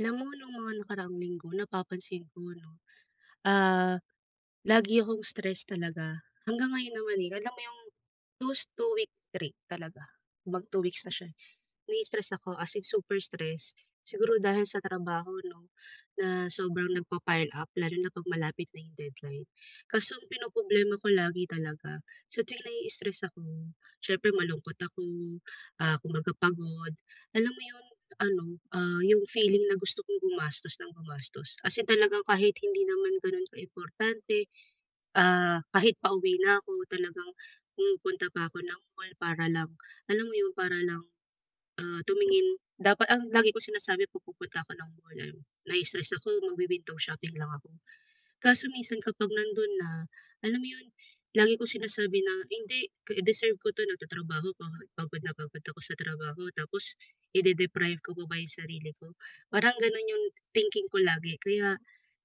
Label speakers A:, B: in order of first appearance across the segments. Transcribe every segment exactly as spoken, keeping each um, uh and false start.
A: Alam mo nung mga nakaraang linggo napapansin ko 'no, ah, lagi akong stress talaga. Hanggang ngayon naman, eh, alam mo 'yong those two weeks straight talaga, mag two weeks na siya, eh, na-i-stress ako, as in super stress. Siguro dahil sa trabaho 'no? Na sobrang nagpapa-pile up, lalo na 'pag malapit na 'yong deadline. Kaso ang pinoproblema ko lagi talaga, sa tuwing na-i-stress ako, siyempre malungkot ako, ah, kumbaga pagod, alam mo 'yong ano, ah, 'yong feeling na gusto kong gumastos nang gumastos? As in talagang kahit hindi naman gano'n ka-importante, ah, kahit pauwi na ako, talagang pumupunta pa ako ng mall para lang, alam mo 'yon, para lang, ah, tumingin, dapat ang lagi kong sinasabi 'pag pupunta ako ng mall, eh "Na-i-stress ako, mag wi-window shopping lang ako." Kaso minsan kapag nando'n na, alam mo 'yon, lagi ko sinasabi na, "Hindi, deserve ko 'to. Nagtatrabaho ako, pagod na pagod ako sa trabaho, tapos i-de-deprive ko pa ba 'yong sarili ko?" Parang gano'n 'yong thinking ko lagi, kaya,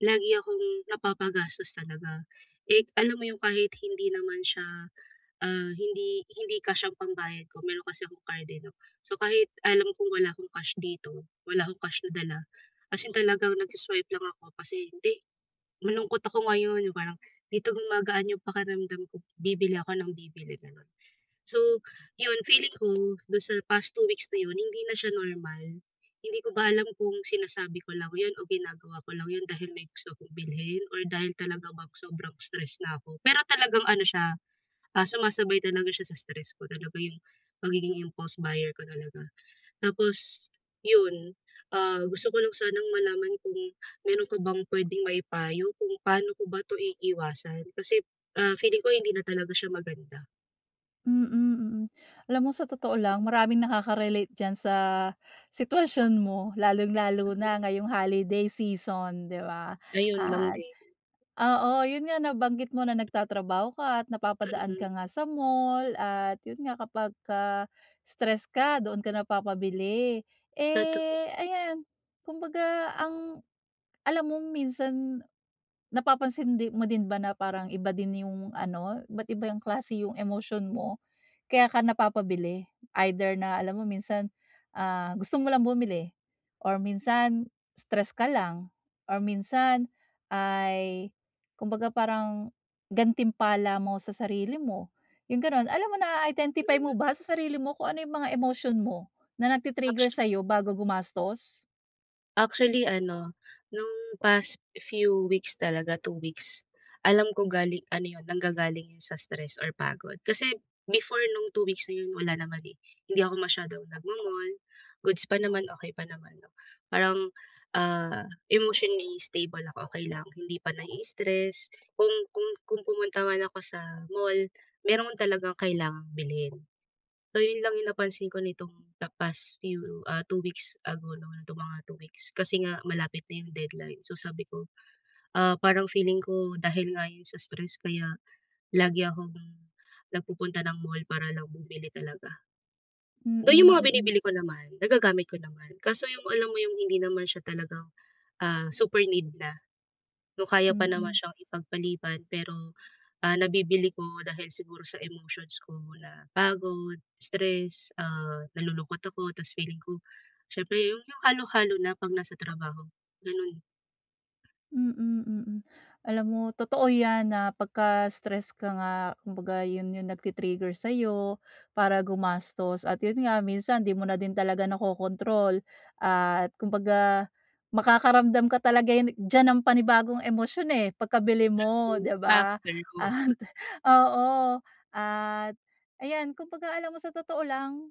A: lagi akong napapagastos talaga. Eh, alam mo 'yong kahit hindi naman siya, ah, hindi hindi cash ang pambayad ko, meron kasi akong card eh 'no. So kahit alam kong wala akong cash dito, wala akong cash na dala, as in talagang nag-si-swipe lang ako kasi, "Hindi, malungkot ako ngayon," yung parang, "Dito gumagaan 'yong pakiramdam ko, bibili ako nang bibili," gano'n. So, 'yon, feeling ko, do'n sa past two weeks na 'yon hindi na siya normal, hindi ko ba alam kung sinasabi ko lang 'yon o ginagawa ko lang 'yon dahil may gusto akong bilhin, or dahil talaga bang sobrang stress na ako. Pero talagang ano siya, ah, sumasabay talaga siya sa stress ko, talaga yung, pagiging impulse buyer ko talaga. Tapos, 'yun, ah, gusto ko lang sanang malaman kung meron ka bang pwedeng maipayo kung paano ko ba 'to iiwasan? Kasi, ah, feeling ko hindi na talaga siya maganda.
B: Mm, mm. Alam mo sa totoo lang maraming nakaka-relate diyan sa sitwasyon mo lalong-lalo na ngayong holiday season di ba?
A: Ayun lang
B: At
A: din.
B: oo, 'yon nga nabanggit mo na nagtatrabaho ka at napapadaan
A: Mm.
B: ka nga sa mall. At 'yon nga kapagka, stress ka doon ka napapabili.
A: Totoo.
B: Eh ayan, kumbaga ang, alam mong minsan, napapansin di mo din ba na parang iba din yung ano, iba't iba yung klase yung emosyon mo, kaya ka napapabili. Either na alam mo minsan, ah, gusto mo lang bumili, or minsan, stress ka lang, or minsan ay, kumbaga parang gantimpala mo sa sarili mo, yung ganun. Alam mo, naa-identify
A: Mhm.
B: mo ba sa sarili mo kung ano yung mga emosyon mo, na nagti-trigger
A: Actu
B: sayo bago gumastos?
A: Actually ano, no'ng past few weeks talaga, two weeks, alam ko galing ano 'yon nanggagaling 'yon sa stress or pagod. Kasi, before no'ng two weeks na 'yon wala naman eh, hindi ako masyadong nagmo-mall, goods pa naman, okey pa naman 'no, parang, ah, emotionally stable ako, okey lang, hindi pa nai-stress. Kung kung kung pumunta man ako sa mall, meron talagang kailangang bilhin. So yon lang yung napansin ko nitong the past few, ah, two weeks ago, no, nitong mga two weeks, kasi nga malapit na yung deadline. So sabi ko, ah, parang feeling ko, dahil nga 'yon sa stress kaya lagi akong nagpupunta ng mall para lang bumili talaga.
B: Mm,
A: Though yung mga
B: mm.
A: binibili ko naman, nagagamit ko naman, kaso yung, alam mo yung hindi naman siya talagang, ah, super need na. Though kaya pa naman
B: Mm.
A: siyang ipag-paliban pero, ah, nabibili ko dahil siguro sa emotions ko na pagod, stress, ah, nalulungkot ako, tapos feeling ko, siyempre 'yon yung halo-halo na 'pag nasa trabaho, gano'n.
B: Mm, mm. alam mo totoo yan na pagka-stress ka nga, kumbaga 'yon yung nagti-trigger sa'yo para gumastos. At 'yon nga, minsan di mo na din talaga nakokontrol at kumbaga, makakaramdam ka talaga yan diyan ng panibagong emosyon eh, pagkabili mo, di ba?
A: After who.
B: At oo, at ayan kumbaga alam mo sa totoo lang,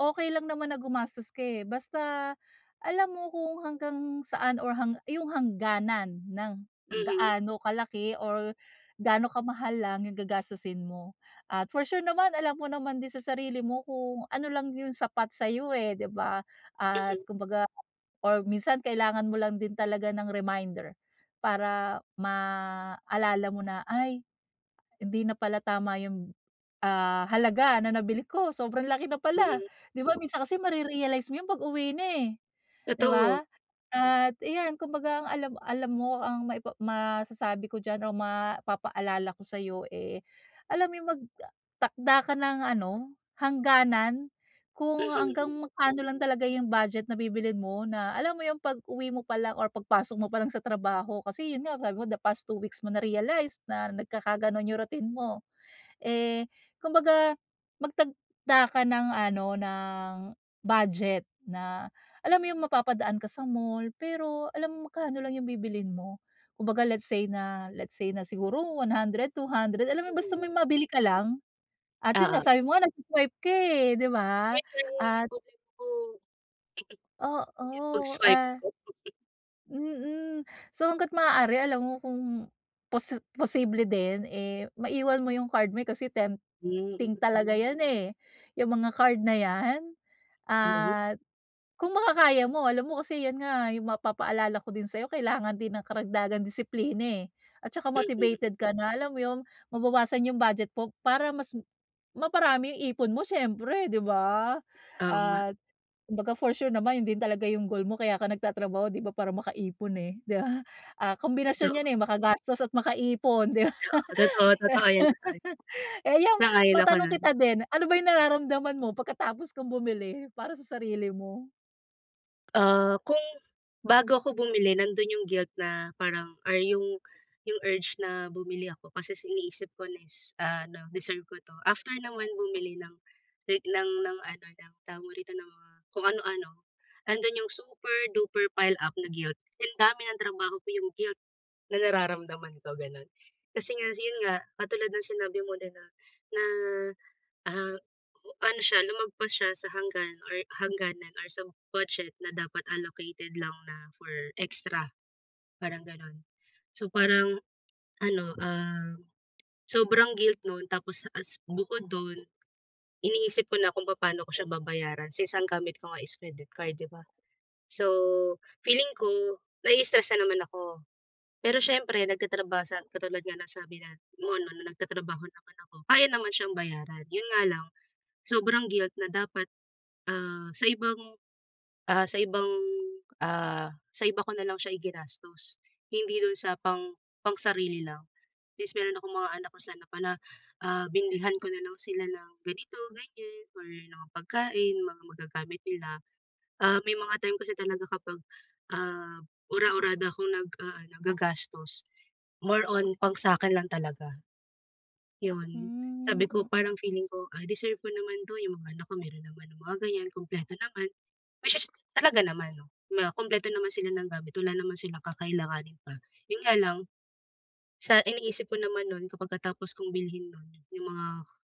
B: okey lang naman na gumastos ka, eh, basta, alam mo kung hanggang saan or hang yung hangganan ng
A: Mhm.
B: gaano kalaki or gaano ka-mahal lang yung gagastusin mo. At for sure naman alam mo naman din sa sarili mo kung ano lang yung sapat sa'yo eh, di ba? At
A: Mhm.
B: kumbaga or minsan kailangan mo lang din talaga ng reminder, para maalala mo na, "Ay, hindi na pala tama yung, ah, halaga na nabili ko, sobrang laki na pala,"
A: Mhm.
B: 'di ba minsan kasi mare-realize mo 'yon pag-uwi na eh, di
A: Totoo.
B: ba? At iyan kumbaga ang alam alam mo ang maipa masasabi ko diyan o mapapa-alala ko sayo eh, alam mo yung mag-takda ka ng ano, hangganan kung
A: Mhm,
B: hanggang
A: hmm.
B: magkano lang talaga yung budget na bibilhin mo na, alam mo yung pag-uwi mo palang or pag-pasok mo palang sa trabaho, kasi yun nga sabi mo the past two weeks mo na-realize na nagkaka-ganon yung routine mo. Eh, kumbaga, magtagda ka ng ano, ng, budget na, alam mo yung mapapadaan ka sa mall pero alam mo magkano lang yung bibilhin mo. Kumbaga, let's say na let's say na siguro one hundred, two hundred, alam mo
A: Mhm,
B: basta may
A: hmm.
B: mabili ka lang. At yun nga,
A: Oo.
B: sabi mo nga nagswa-swipe ka, eh, di ba?
A: 'Yon 'yong,
B: At
A: problema ko ...'yong
B: Oo,
A: pag-swipe
B: ah
A: ko.
B: Mm. So hangga't maaari alam mo kung posi posible din, eh, maiwan mo yung card mo eh, kasi tempting
A: Hmm, mm.
B: talaga yan eh, yung mga card na yan.
A: Oo.
B: At, kung makakaya mo alam mo kasi yan nga, yung mapapaalala ko din sa kailangan din ng karagdagan disiplina eh, at tsaka
A: Mhm.
B: motivated ka na alam mo yun, mabawasan yung budget mo para mas, maparami yung ipon mo siyempre 'di ba?
A: Oo nga.
B: At, kumbaga for sure naman yun din talaga yung goal mo kaya ka nagtatrabaho 'di ba, para makaipon, eh 'di ba? Ah kombinasyon
A: Totoo.
B: yan. eh, makagastos at makaipon 'di ba?
A: Oo, totoo, totoo yan, totoo yan.
B: Eh yung,
A: Sang-ayon ako
B: matanong
A: no'n.
B: kita din, ano ba yung nararamdaman mo pagkatapos kang bumili para sa sarili mo?
A: Ah, kung bago ako bumili nandoon 'yong guilt na parang or 'yong 'yong urge na bumili ako kasi is iniisip ko na is, ah, ano, deserve ko 'to. After naman bumili ng like ng ng ano, ng tawag rito ng mga kung ano-ano, nandoon 'yong super duper pile up na guilt kasing dami ng trabaho ko, 'yong guilt, na nararamdaman ko ganun. Kasi nga si 'yon nga, katulad ng sinabi mo din na na ah, ano siya, lumagpas siya sa hanggan or hangganan or sa budget na dapat allocated lang na for extra, parang ganun. So parang, ano um, sobrang guilt nun tapos as bukod dun, iniisip ko na kung papaano ko siya babayaran since ang gamit ko nga is credit card di ba? So, feeling ko, nai-stress na naman ako, pero siyempre nagtatrabaho sa katulad nga ng sabi na nasabi na mo ano na nagtatrabaho naman ako, kaya naman siyang bayaran, 'yon nga lang, sobrang guilt na dapat, ah, sa ibang, ah, sa ibang, ah, sa iba ko na lang siya i-ginastos hindi dun sa pang pang-sarili lang. At least meron akong mga anak na sana na pala, ah, binilhan ko na lang sila ng ganito, ganyan, or mga pagkain, mga magagamit nila, ah, may mga time kasi talaga kapag ah, ura-urada akong naga-aano, naggagastos, more on pang sakin lang talaga. Yon,
B: Hmm,
A: sabi ko parang
B: mm.
A: feeling ko ay deserve ko naman 'to, 'yong mga anak ko meron naman ng mga ganyan kumpleto naman, which is talaga naman 'no na kumpleto naman sila ng gamit, wala naman silang kakailanganin pa, 'yon nga lang, sa iniisip ko naman nun kapagka tapos kong bilhin nun 'yong mga,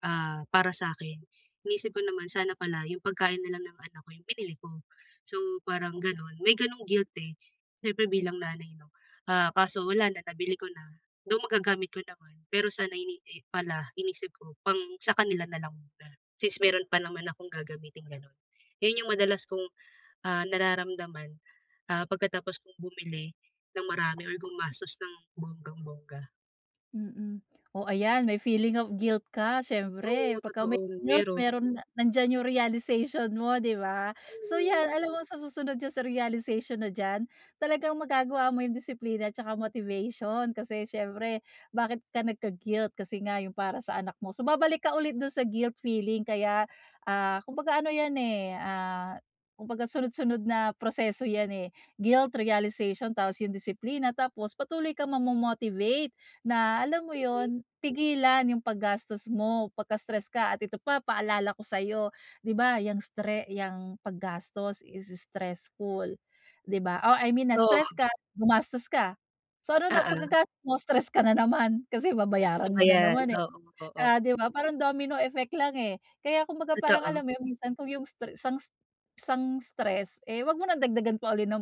A: ah, para sa'kin, iniisip ko naman sana pala 'yong pagkain na lang ng anak ko 'yong binili ko. So parang ganun, may ganung guilt eh, siyempre bilang nanay 'no, ah, kaso wala na, nabili ko na, though magagamit ko naman, pero sana, eh, hindi pala iniisip ko pang sa kanila na lang muna, since meron pa naman akong gagamitin ganun. 'Yon 'yong madalas kong, ah, nararamdaman, ah, pagkatapos kong bumili ng marami or gumastos ng bonggang-bongga.
B: Mm. Oh, ayan may feeling of guilt ka
A: Oo,
B: siyempre pagka
A: totoo,
B: may guilt
A: meron.
B: meron nandiyan yung realization mo 'di ba? So, yan
A: Mhm.
B: alam mo sa susunod diyan sa realization na diyan, talagang magagawa mo yung disiplina 'tsaka motivation kasi siyempre, bakit ka nagka-guilt? Kasi nga yung para sa anak mo, so, babalik ka ulit dun sa guilt feeling kaya, ah, kumbaga ano yan, eh, ah, kumbaga sunod-sunod na proseso yan, eh. Guilt, realization, tapos yung disiplina, tapos patuloy kang ma-momotivate na alam mo
A: Mhm.
B: yun, pigilan yung pag-gastos mo pagka-stress ka at ito pa paalala ko sayo, di ba, yang stre yang pag-gastos is stressful, di ba? Oh, I mean na-stress ka,
A: Oh.
B: gumastos ka, so ano na
A: Oo.
B: pagka-gastos mo stress ka na naman? Kasi
A: Isa
B: babayaran
A: pa
B: mo na
A: yan,
B: naman eh,
A: oo, oo.
B: oh 'di ba, parang domino effect lang eh. Kaya kumbaga parang alam
A: Totoo.
B: mo yun minsan kung yung stre sang isang stress eh, wag mo ng dagdagan pa uli ng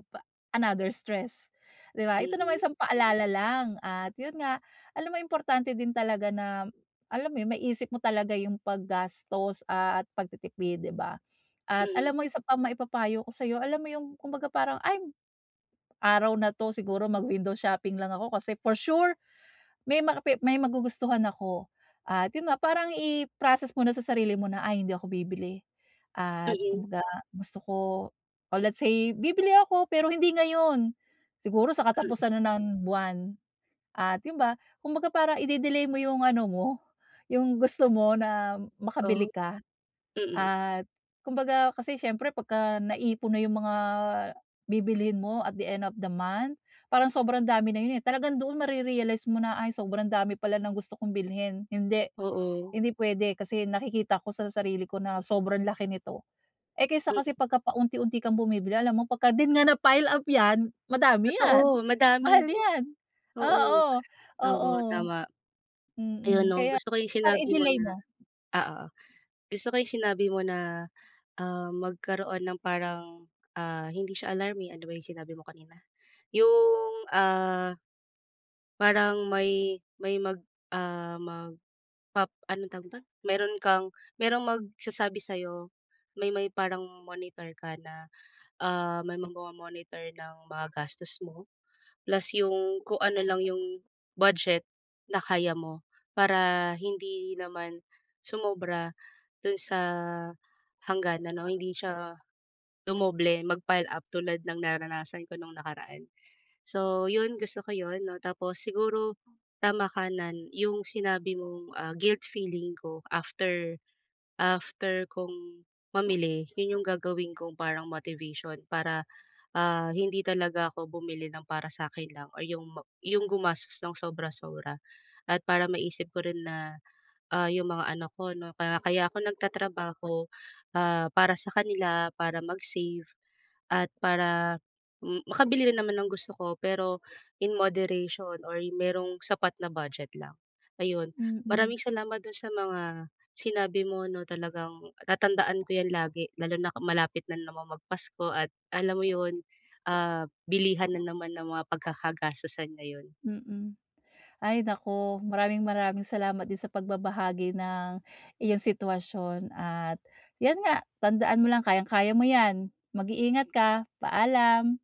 B: another stress, di ba? Ito naman
A: Mhm.
B: isang paalala lang, at yun nga, alam mo importante din talaga na, alam mo yun maisip mo talaga yung pag-gastos at pag-titipid, di ba? At
A: Mhm.
B: alam mo isa pa ma-ipapayo ko sayo, alam mo yung kumbaga parang, ay, araw na 'to, siguro mag window shopping lang ako kasi for sure, may mga pi may magugustuhan ako. At yun nga, parang i-process mo na sa sarili mo na ay hindi ako bibili, at
A: Mhm.
B: kumbaga gusto ko, oh, let's say, bibili ako pero hindi ngayon, siguro sa
A: Mm.
B: katapusan na ng buwan. At yun' ba, kumbaga parang ide-delay mo 'yong ano mo, yung gusto mo na, makabili
A: Oh.
B: ka,
A: Mm.
B: at kumbaga kasi siyempre pagka-naipon na 'yong mga bibilhin mo at the end of the month, parang sobrang dami na 'yon, eh. Talagang doon mare-realize mo na ay sobrang dami pala ng gusto kong bilhin, hindi,
A: Oo.
B: hindi puwede kasi nakikita ko sa sarili ko na sobrang laki nito. Eh kaysa
A: Mm.
B: kasi, pagka paunti-unti kang bumibili alam mo pagka din nga napile-up 'yan madami 'yan.
A: Totoo madami.
B: Mahal 'yan,
A: Oo,
B: oo,
A: oo
B: oo
A: tama. Ayun,
B: mm,
A: no,
B: kaya
A: gusto ko 'yong
B: parang
A: sinabi mo
B: i-delay
A: na
B: mo.
A: ah, oo. Gusto ko 'yong sinabi mo na, um, magkaroon ng parang, ah, hindi siya alarm, eh, ano ba yung sinabi mo kanina? Yong ah parang may may mag, ah, mag pap anong tawag dito? Mayro'n kang, meron magsasabi sa'yo, may may parang monitor ka na, ah, may mag-momonitor ng mga gastos mo. Plus 'yong kung ano lang 'yong budget, na kaya mo, para hindi naman sumobra do'n sa hangganan o hindi siya dumoble, mag-pile-up tulad ng naranasan ko no'ng nakaraan. So 'yon, gusto ko 'yon, no, tapos siguro, tama ka nan 'yong sinabi mong, ah, guilt feeling ko after after kong mamili, 'yon 'yong gagawin kong parang motivation para, ah, hindi talaga ako bumili ng para sa akin lang, or 'yong ma...'yong gumastos ng sobra-sobra at para maisip ko rin na, ah, 'yong mga anak ko, 'no, ka kaya ako nag-tatrabaho, ah, para sa kanila, para mag-save at para, m makabili rin naman ng gusto ko pero in moderation, or merong sapat na budget lang. Ayon,
B: Mm.
A: maraming salamat dun sa mga sinabi mo, 'no, talagang tatandaan ko yan lagi, lalo na malapit na naman mag-Pasko at alam mo 'yon, ah, bilihan na naman ng mga pagkaka-gastusan ngayon.
B: Mm. Ay naku, maraming-maraming salamat din sa pagbabahagi ng iyong sitwasyon, at 'yan nga, tandaan mo lang kayang-kaya mo 'yan, mag-iingat ka, paalam.